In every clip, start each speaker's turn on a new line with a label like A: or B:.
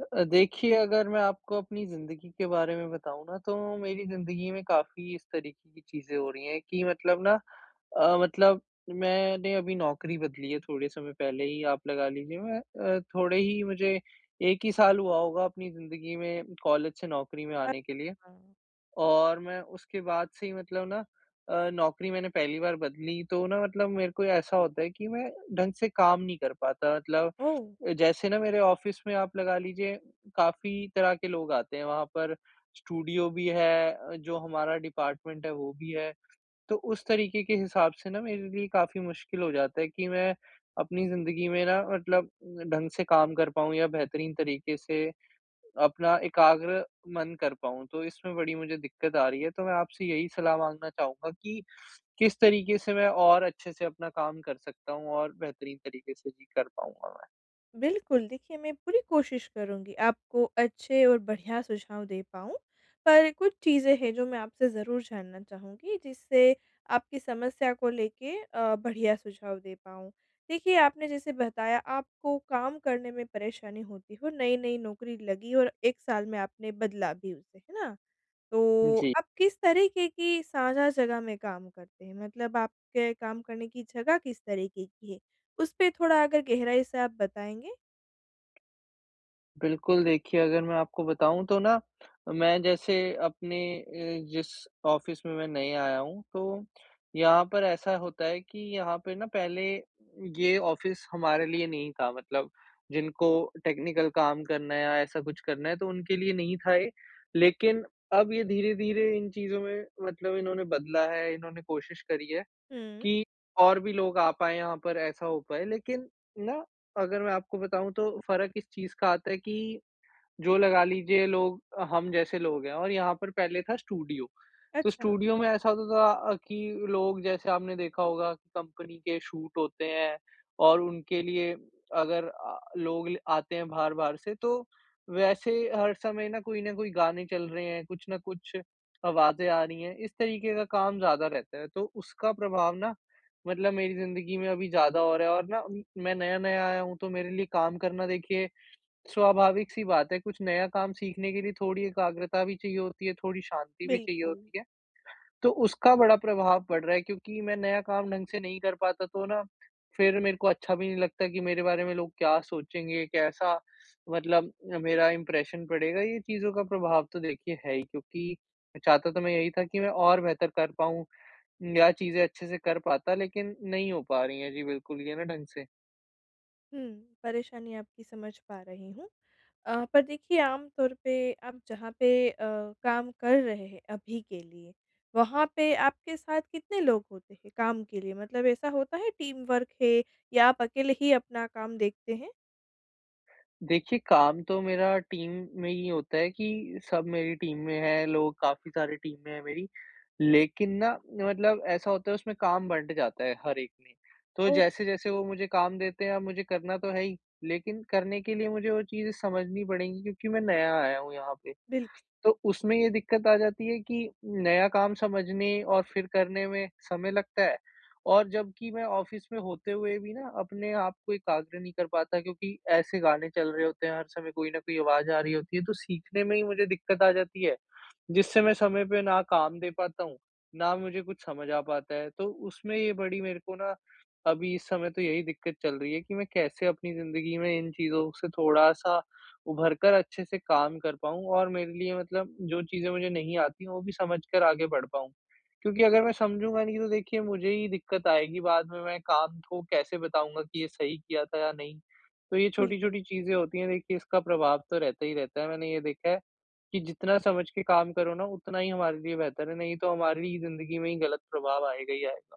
A: अ अ, देखिए अगर मैं आपको अपनी ज़िंदगी के बारे में बताऊँ न तो मेरी ज़िन्दगी में काफ़ी इस तरीक़े की चीज़ें हो रही है कि मतलब ना अ मतलब मैंने अभी नौकरी बदली है थोड़े समय पहले ही आप लगा लीजिए अ, थोड़े ही मुझे 1 ही साल हुआ होगा अपनी ज़िन्दगी में कॉलेज से नौकरी में
B: अ
A: आने के लिए।
B: अ
A: और मैं उसके बाद से ही मतलब ना अ, नौकरी मैंने पहली बार बदली तो ना मतलब मेरे को ऐसा होता है कि मैं ढंग से काम नहीं कर पाता मतलब
B: ओह!
A: जैसे ना मेरे ऑफ़िस में आप लगा लीजिए काफ़ी तरह के लोग आते हैं। वहाँ पर स्टूडियो भी है अ, जो हमारा डिपार्टमेंट है वो भी है तो उस तरीक़े के हिसाब से, न मेरे लिए काफ़ी मुश्किल हो जाता है कि मैं अपनी ज़िन्दगी में न मतलब ढंग से काम कर पाऊँ या बेहतरीन तरीक़े से अपना एकाग्र मन कर पाऊँ। तो इसमें बड़ी मुझे दिक्कत आ रही है तो मैं आपसे यही सलाह माँगना चाहूँगा कि किस तरीक़े से मैं और अच्छे से अपना काम कर सकता हूँ और बेहतरीन तरीक़े से भी कर पाऊँगा मैं।
B: बिल्कुल, देखिए मैं पूरी कोशिश करूँगी आपको अच्छे और बढ़िया सुझाव दे पाऊँ। पर कुछ चीज़ें हैं जो मैं आपसे ज़रूर जानना चाहूँगी जिससे आपकी समस्या को लेके अ, बढ़िया सुझाव दे पाऊँ। देखिए आपने जैसे बताया आपको काम करने में परेशानी होती हो नई-नई नौकरी लगी और 1 साल में आपने बदला भी उसे है ना? तो
A: जी।
B: आप किस तरीक़े की साझा जगह में काम करते हैं? मतलब आपके काम करने की जगह किस तरीक़े की है उसपे थोड़ा अगर गहराई से आप बताएँगे?
A: बिल्कुल, देखिए अगर मैं आपको बताऊँ तो ना मैं जैसे अपने अ, जिस ऑफ़िस में मैं नहीं आया हूँ तो यहाँ पर ऐसा होता है कि यहाँ पे ना पहले ये ऑफ़िस हमारे लिए नहीं था मतलब जिनको टेक्निकल काम करना है या ऐसा कुछ करना है तो उनके लिए नहीं था ये। लेकिन अब ये धीरे-धीरे इन चीज़ों में मतलब इन्होंने बदला है, इन्होंने कोशिश करी है
B: हुँ।
A: कि और भी लोग आ पाएंँ यहाँ पर ऐसा हो पाए। लेकिन ना अगर मैं आपको बताऊँ तो फ़र्क इस चीज़ का आता है कि जो लगा लीजिए लोग हम जैसे लोग हैं और यहाँ पर पहले था स्टूडियो। तो
B: अच्छा।
A: स्टूडियो में ऐसा होता था कि लोग जैसे आपने देखा होगा की कंपनी के शूट होते हैं और उनके लिए अगर अ, लोग आते हैं बाहर-बाहर से तो वैसे हर समय ना कोई न कोई गाने चल रहे हैं, कुछ न कुछ आवाज़ें आ रही हैं, इस तरीके का काम ज़्यादा रहता है। तो उसका प्रभाव ना मतलब मेरी ज़िंदगी में अभी ज़्यादा हो रहा है और ना मैं नया-नया आया हूँ तो मेरे लिए काम करना देखिए स्वाभाविक सी बात है कुछ नया काम सीखने के लिए थोड़ी एकाग्रता भी चाहिए होती है, थोड़ी शांति भी चाहिए
B: बिल्कुल।
A: होती है। तो उसका बड़ा प्रभाव पड़ रहा है क्योंकि मैं नया काम ढंग से नहीं कर पाता तो ना फिर मेरे को अच्छा भी नहीं लगता कि मेरे बारे में लोग क्या सोचेंगे कैसा मतलब मेरा इंप्रेशन पड़ेगा। ये चीज़ों का प्रभाव तो देखिए है ही क्योंकि मैं चाहता तो मैं यहीं था कि मैं और बेहतर कर पाऊँ या चीज़ें अच्छे से कर पाता लेकिन नहीं हो पा रही हैं जी, बिल्कुल ये ना ढंग से।
B: हुँ, परेशानी आपकी समझ पा रही हूँ। अ, पर देखिए, आम तौर पे आप जहाँ पे अ, काम कर रहे हैं अभी के लिए, वहाँ पे आपके साथ कितने लोग होते हैं, काम के लिए? मतलब ऐसा होता है, टीम वर्क है या आप अकेले ही अपना काम देखते हैं?
A: देखिये, काम तो मेरा टीम में ये होता है कि सब मेरी टीम में हैं, लोग काफ़ी सारे टीम में हैं मेरी। लेकिन ना, मतलब ऐसा होता है, उसमें काम बँट जाता है हर एक में, तो जैसे-जैसे वो मुझे काम देते हैं, अब मुझे करना तो है ही, लेकिन करने के लिए मुझे वो चीज़ें समझनी पड़ेंगी क्योंकि मैं नया आया हूँ यहाँ पे।
B: बिल्कुल।
A: तो उसमें ये दिक्कत आ जाती है कि नया काम समझने और फिर करने में समय लगता है और जब कि मैं ऑफ़िस में होते हुए भी ना, अपने आपको एकाग्र नहीं कर पाता क्योंकि ऐसे गाने चल रहे होते हैं, हर समय कोई न कोई आवाज़ आ रही होती है, तो सीखने में ही मुझे दिक्कत आ जाती है, जिससे मैं समय पे ना काम दे पाता हूँ, ना मुझे कुछ समझ आ पाता है। तो उसमें ये बड़ी मेरे को ना, अभी इस समय तो यही दिक्कत चल रही है कि मैं कैसे अपनी ज़िंदगी में इन चीज़ों से थोड़ा-सा उभरकर अच्छे से काम कर पाऊँ और मेरे लिए मतलब जो चीज़ें मुझे नहीं आती हैं, वो भी समझकर आगे बढ़ पाऊँ। क्योंकि अगर मैं समझूँगा नहीं, तो देखिए, मुझे ही दिक्कत आएगी। बाद में मैं काम को कैसे बताऊँगा कि ये सही किया था या नहीं? तो ये
B: बिल्कुल।
A: छोटी-छोटी चीज़ें होती हैं, देखिए, इसका प्रभाव तो रहता ही रहता है। मैंने ये देखा है कि जितना समझ के काम करो ना, उतना ही हमारे लिए बेहतर है, नहीं तो हमारी ज़िंदगी में ही गलत प्रभाव आएगा ही आएगा।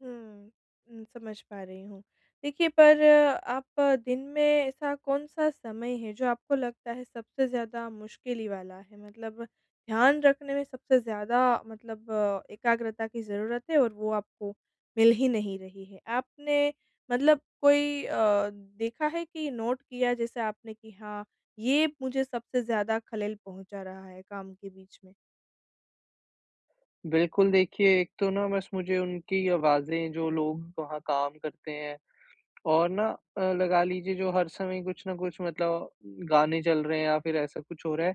B: हुँ। उम, समझ पा रही हूँ। देखिए, पर आप दिन में ऐसा कौन-सा समय है जो आपको लगता है सबसे ज़्यादा मुश्किल ही वाला है। मतलब ध्यान रखने में सबसे ज़्यादा मतलब, एकाग्रता की ज़रूरत है और वो आपको मिल ही नहीं रही है। आपने मतलब कोई अ, देखा है कि नोट किया जैसे आपने कि हाँ, ये मुझे सबसे ज़्यादा खलल पहुँचा रहा है काम के बीच में?
A: बिल्कुल देखिए, एक तो ना बस मुझे उनकी आवाज़ें जो लोग वहाँ काम करते हैं और ना अ, लगा लीजिए जो हर समय कुछ न कुछ मतलब गाने चल रहे हैं या फ़िर ऐसा कुछ हो रहा है।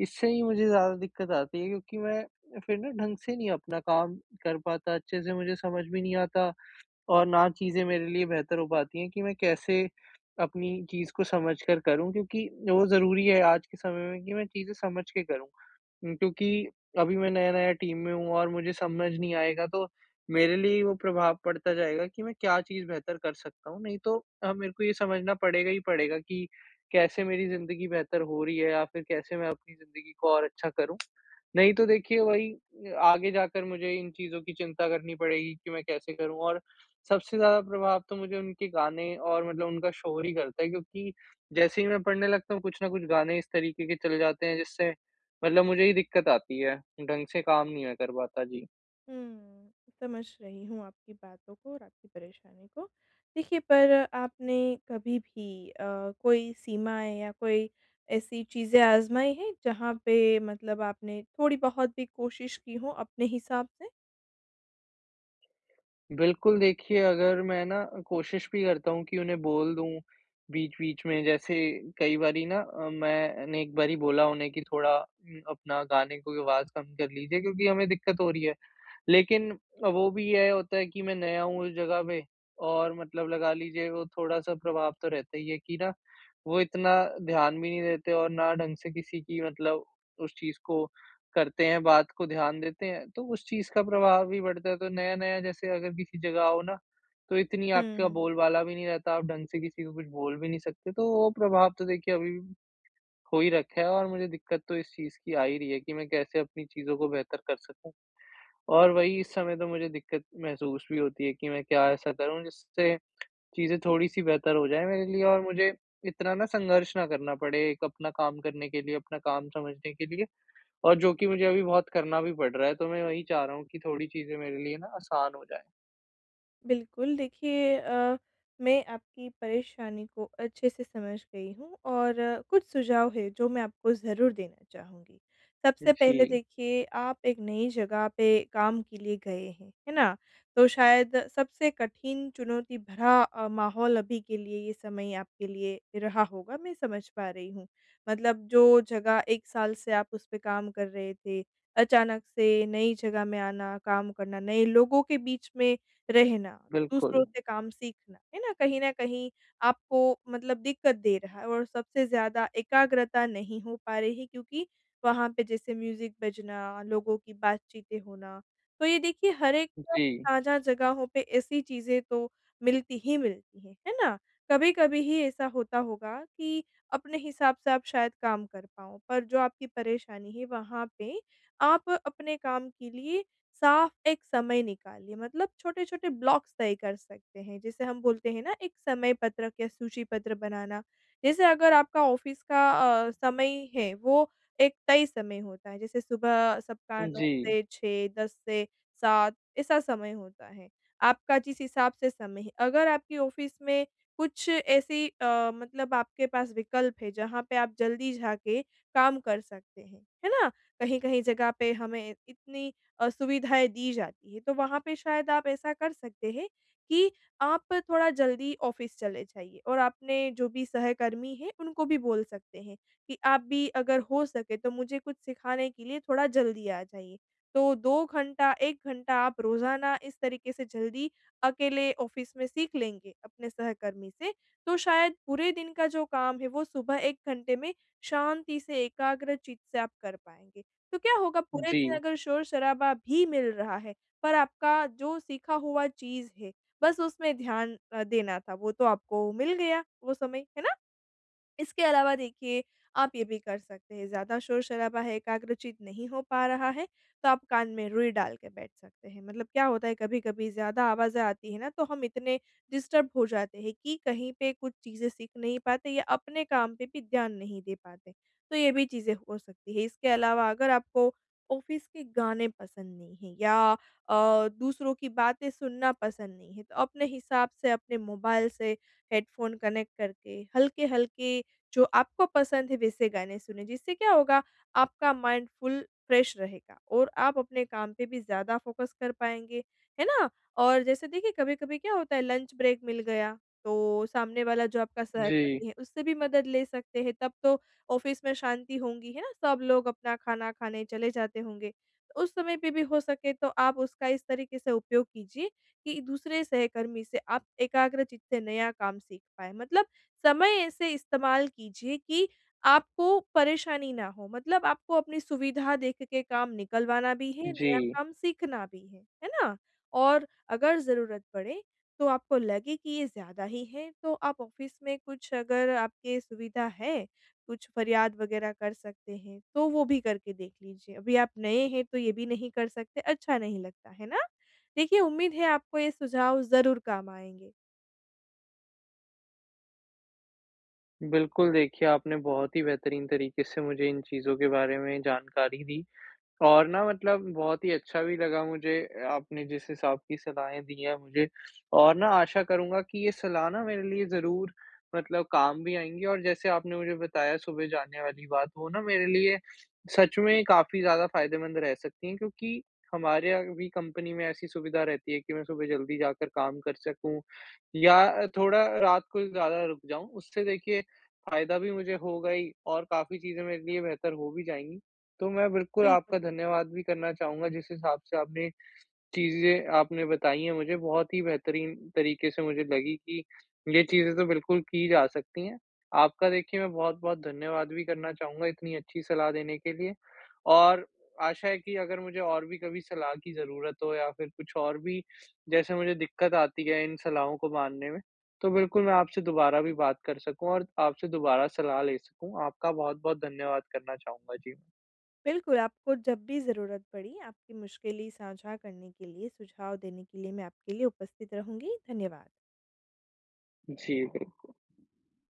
A: इससे ही मुझे ज़्यादा दिक़्क़त आती है, क्योंकि मैं फ़िर ना ढंग से नहीं अपना काम कर पाता, अच्छे से मुझे समझ भी नहीं आता और ना चीज़ें मेरे लिए बेहतर हो पाती हैं कि मैं कैसे अपनी चीज़ को समझ कर करूँ क्योंकि वो ज़रूरी है आज के समय में कि मैं चीज़ें समझ के करूँ। उम, क्योंकि अभी मैं नया-नया टीम में हूँ और मुझे समझ नहीं आएगा तो मेरे लिए वो प्रभाव पड़ता जाएगा कि मैं क्या चीज़ बेहतर कर सकता हूँ नहीं तो अ, मेरे को ये समझना पड़ेगा ही पड़ेगा कि कैसे मेरी ज़िंदगी बेहतर हो रही है या फ़िर कैसे मैं अपनी ज़िंदगी को और अच्छा करूँ। नहीं तो देखिए, वही अ आगे जाकर मुझे इन चीज़ों की चिंता करनी पड़ेगी कि मैं कैसे करूँ और सबसे ज़्यादा प्रभाव तो मुझे उनके गाने और मतलब उनका शोर ही करता है क्योंकि जैसे ही मैं पढ़ने लगता हूँ कुछ न कुछ गाने इस तरीके के चले जाते हैं जिससे मतलब मुझे ही दिक़्क़त आती है ढंग से काम नहीं मैं कर पाता जी।
B: हुँ, समझ रही हूँ आपकी बातों को और आपकी परेशानी को। देखिए पर आपने कभी भी अ, कोई सीमाएँ या कोई ऐसी चीज़ें आजमाई हैं जहाँ पे मतलब आपने थोड़ी बहुत भी कोशिश की हो अपने हिसाब से?
A: बिल्कुल, देखिए अगर मैं न कोशिश भी करता हूँ कि उन्हें बोल दूँ बीच-बीच में जैसे कई बारी न अ, मैंने एक बारी बोला उन्हें कि थोड़ा अपना गाने को आवाज़ कम कर लीजिए क्योंकि हमें दिक्कत हो रही है। लेकिन अ, वो भी ये होता है कि मैं नया हूँ उस जगह पे और मतलब लगा लीजिए वो थोड़ा-सा प्रभाव तो रहता ही है कि न वो इतना ध्यान भी नहीं देते और न ढंग से किसी की मतलब उस चीज़ को करते हैं बात को ध्यान देते हैं। तो उस चीज़ का प्रभाव भी बढ़ता है। तो नया-नया जैसे अगर किसी जगह आओ न तो इतनी आपका
B: हुँ।
A: बोलबाला भी नहीं रहता, आप ढंग से किसी को कुछ बोल भी नहीं सकते। तो वो प्रभाव तो देखिए अभी हो ही रखा है और मुझे दिक्कत तो इस चीज़ की आ ही रही है कि मैं कैसे अपनी चीज़ों को बेहतर कर सकूँ। और वही इस समय तो मुझे दिक्कत महसूस भी होती है कि मैं क्या ऐसा करूँ जिससे चीज़ें थोड़ी-सी बेहतर हो जाएँ मेरे लिए और मुझे इतना न संघर्ष ना करना पड़े एक अपना काम करने के लिए अपना काम समझने के लिए और जो कि मुझे अभी बहुत करना भी पड़ रहा है। तो मैं वही चाह रहा हूँ कि थोड़ी चीज़ें मेरे लिए न आसान हो जाएँ।
B: बिल्कुल। देखिए, अ, मैं आपकी परेशानी को अच्छे से समझ गई हूँ और कुछ सुझाव है, जो मैं आपको ज़रूर देना चाहूँगी। सबसे पहले
A: जी।
B: देखिए आप एक नई जगह पे काम के लिए गए हैं, है ना? तो शायद सबसे कठिन चुनौती भरा अ, माहौल अभी के लिए ये समय आपके लिए रहा होगा, मैं समझ पा रही हूँ। मतलब जो जगह 1 साल से आप उस पे काम कर रहे थे, अचानक से नई जगह में आना काम करना, नए लोगों के बीच में रहना, दूसरों
A: बिल्कुल।
B: से काम सीखना, है ना? कहीं न कहीं आपको मतलब दिक्कत दे रहा है। और सबसे ज़्यादा एकाग्रता नहीं हो पा रही है, क्योंकि वहाँ पे जैसे म्यूज़िक बजना, लोगों की बातचीतें होना, तो ये देखिए हर एक [unintelligible]
A: जी।
B: साझा जगहों पे ऐसी चीज़ें तो, मिलती ही मिलती हैं, है ना? कभी-कभी ही ऐसा होता होगा कि अपने हिसाब से आप शायद काम कर पाओ। पर जो आपकी परेशानी है, वहाँ पे आप अपने काम के लिए साफ़ एक समय निकालिए मतलब छोटे-छोटे ब्लॉक्स तय कर सकते हैं, जिसे हम बोलते हैं ना, एक समय-पत्रक या सूची-पत्र बनाना। जैसे अगर आपका ऑफिस का अ, समय है वो एक तय समय होता है। जैसे सुबह सबका
A: उम,
B: 9
A: जी।
B: से 6 10 से 7 ऐसा समय होता है। आपका जिस हिसाब से समय है, अगर आपके ऑफिस में कुछ ऐसी अ, मतलब आपके पास विकल्प है, जहाँ पे आप जल्दी जाके काम कर सकते हैं, है ना? कहीं-कहीं जगह पे हमें इतनी अ, सुविधाएँ दी जाती है, तो वहाँ पे शायद आप ऐसा कर सकते हैं, कि आप थोड़ा जल्दी ऑफिस चले जाइए और आपने जो भी सहकर्मी हैं उनको भी बोल सकते हैं, कि आप भी अगर हो सके तो मुझे कुछ सिखाने के लिए थोड़ा जल्दी आ जाइए। तो 2 घंटा 1 घंटा आप रोज़ाना इस तरीके से जल्दी अकेले ऑफिस में सीख लेंगे, अपने सहकर्मी से तो शायद पूरे दिन का जो काम है, वो सुबह 1 घंटे में शांति से एकाग्र चित्त से आप कर पाएँगे। तो क्या होगा पूरे दिन
A: जी।
B: अगर शोर-शराबा भी मिल रहा है, पर आपका जो सीखा हुआ चीज़ है, बस उसमें ध्यान अ, देना था, वो तो आपको मिल गया, वो समय, है ना? इसके अलावा देखिए, आप ये भी कर सकते हैं, ज़्यादा शोर-शराबा है एकाग्र चित्त नहीं हो पा रहा है, तो आप कान में रुई डाल के बैठ सकते हैं। मतलब क्या होता है, कभी-कभी ज़्यादा आवाज़ें आती हैं ना, तो हम इतने डिस्टर्ब हो जाते हैं, कि कहीं पे कुछ चीज़ें सीख नहीं पाते या अपने काम पे भी ध्यान नहीं दे पाते, तो ये भी चीज़ें हो सकती हैं। इसके अलावा अगर आपको ऑफिस के गाने पसंद नहीं है, या अ, दूसरों की बातें सुनना पसंद नहीं है, तो अपने हिसाब से अपने मोबाइल से हेडफोन कनेक्ट करके हल्के-हल्के जो आपको पसंद है, वैसे गाने सुनें। जिससे क्या होगा आपका माइंड फुल फ्रेश रहेगा और आप अपने काम पे भी ज़्यादा फोकस कर पाएँगे, है ना? और जैसे देखिए कभी-कभी क्या होता है लंच ब्रेक मिल गया, तो सामने वाला जो आपका
A: जी।
B: सहकर्मी है, उससे भी मदद ले सकते हैं। तब तो ऑफिस में शांति होंगी है, ना? सब लोग अपना खाना खाने चले जाते होंगे? तो उस समय पे भी हो सके तो आप उसका इस तरीके से उपयोग कीजिए, कि दूसरे सहकर्मी से आप एकाग्र चित्त से नया काम सीख पाएँ। मतलब समय ऐसे इस्तेमाल कीजिए कि आपको परेशानी ना हो, मतलब आपको अपनी सुविधा देख के काम निकलवाना भी है, नया
A: जी।
B: काम सीखना भी है, है ना? और अगर ज़रूरत पड़े, तो आपको लगे कि ये ज़्यादा ही है, तो आप ऑफिस में कुछ अगर आपके सुविधा है, कुछ फरियाद वग़ैरह कर सकते हैं, तो वो भी करके देख लीजिए। अभी आप नए हैं, तो ये भी नहीं कर सकते, अच्छा नहीं लगता, है ना? देखिए उम्मीद है, आपको ये सुझाव ज़रूर काम आएँगे।
A: बिल्कुल देखिए, आपने बहुत ही बेहतरीन तरीके से मुझे इन चीज़ों के बारे में जानकारी दी, और ना मतलब बहुत ही अच्छा भी लगा मुझे ए आपने जिस हिसाब की सलाहें दी हैं मुझे, और ना आशा करूँगा कि ये सलाह ना मेरे लिए ज़रूर मतलब काम भी आएँगी। और जैसे आपने मुझे बताया सुबह जाने वाली बात, वो ना मेरे लिए सच में काफ़ी ज़्यादा फ़ायदेमंद रह सकती है क्योंकि हमारे यहाँ भी कंपनी में ऐसी सुविधा रहती है कि मैं सुबह जल्दी जाकर काम कर सकूँ, या अ, थोड़ा रात को ज़्यादा रुक जाऊँ। उससे देखिए फ़ायदा भी मुझे होगा ही और काफ़ी चीज़ें मेरे लिए बेहतर हो भी जाएँगी। तो मैं बिल्कुल आपका
B: बिल्कुल।
A: धन्यवाद भी करना चाहूँगा जिस हिसाब से आपने चीज़ें आपने बताई हैं मुझे बहुत ही बेहतरीन तरीके से मुझे लगीं कि ये चीज़ें तो बिल्कुल की जा सकती हैं। आपका देखिए मैं बहुत-बहुत धन्यवाद भी करना चाहूँगा इतनी अच्छी सलाह देने के लिए। और आशा है कि अगर मुझे और भी कभी सलाह की ज़रूरत हो या फिर कुछ और भी जैसे मुझे दिक्कत आती है इन सलाहों को मानने में, तो बिल्कुल मैं आपसे दोबारा भी बात कर सकूँ और आपसे दोबारा सलाह ले सकूँ। आपका बहुत-बहुत धन्यवाद करना चाहूँगा। जी।
B: बिल्कुल, आपको जब भी ज़रूरत पड़ी, आपकी मुश्किलें साझा करने के लिए सुझाव देने के लिए मैं आपके लिए उपस्थित रहूँगी। धन्यवाद।
A: जी।